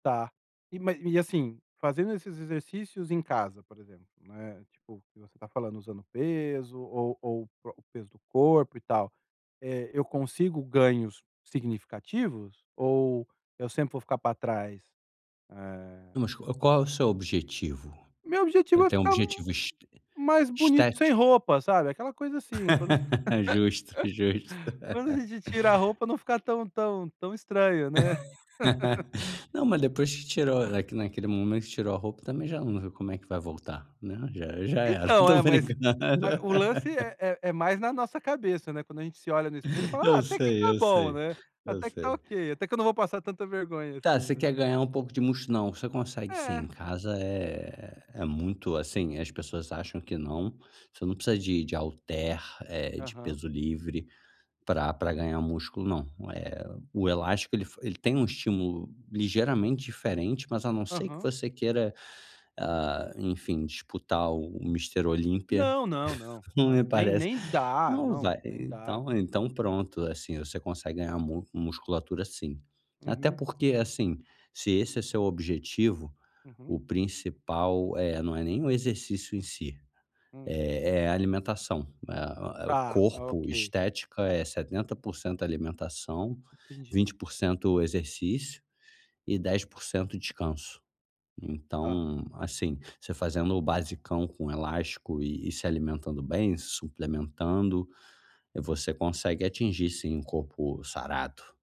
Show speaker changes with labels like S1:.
S1: Tá. E ma e, assim, fazendo esses exercícios em casa, por exemplo, né, tipo que você tá falando, usando peso ou ou o pro o peso do corpo e tal, eh, eu consigo ganhos significativos ou eu sempre vou ficar pra trás? Eh
S2: Não, mas qual qual é o seu objetivo?
S1: Meu
S2: Eh,
S1: objetivo é
S2: tem um
S1: ficar
S2: objetivo es
S1: mais bonito sem
S2: estético?
S1: roupa, sabe? Aquela coisa, assim, quando
S2: Justo, justo.
S1: quando a gente tira a roupa não ficar tão tão tão estranho, né?
S2: Não, mas depois que tirou eh, que naquele momento, tirou a roupa também já não como é que vai voltar, né? Já já era,
S1: Então,
S2: tô
S1: é, mas
S2: brincando.
S1: mas o lance é é é mais na nossa cabeça, né, quando a gente se olha no espelho e fala:
S2: Eu
S1: "Ah, até que
S2: sei,
S1: tá
S2: eu
S1: bom,
S2: sei,
S1: né,
S2: eu
S1: até que tá
S2: sei.
S1: ok, até que eu não vou passar tanta vergonha
S2: Tá,
S1: assim",
S2: você
S1: né.
S2: quer ganhar um pouco de mus não, você consegue sim, em
S1: É.
S2: casa é é muito assim, as pessoas acham que não, você não precisa de de halter, eh, de
S1: Aham.
S2: peso livre pra pra ganhar músculo não, eh, o elástico ele f ele tem um estímulo ligeiramente diferente, mas a não ser que
S1: Aham.
S2: você queira, ah, enfim, disputar o o Mister Olímpia,
S1: Não, não, não,
S2: não me
S1: não. Nem
S2: parece,
S1: nem dá.
S2: não
S1: Não,
S2: vai
S1: nem dá.
S2: então então pronto, assim, você consegue ganhar mus musculatura sim. Até
S1: Uhum.
S2: porque, assim, se esse é seu objetivo,
S1: Uhum.
S2: o principal, eh, não é nem o exercício em si,
S1: Hum.
S2: é é a alimentação, né. O a o
S1: Tá, ah,
S2: corpo,
S1: ok.
S2: estética é 70% alimentação,
S1: Entendi.
S2: 20% exercício e 10% descanso.
S1: Tá.
S2: Então, assim, você fazendo o basicão com elástico e e se alimentando bem, se suplementando, você consegue atingir sim um corpo sarado.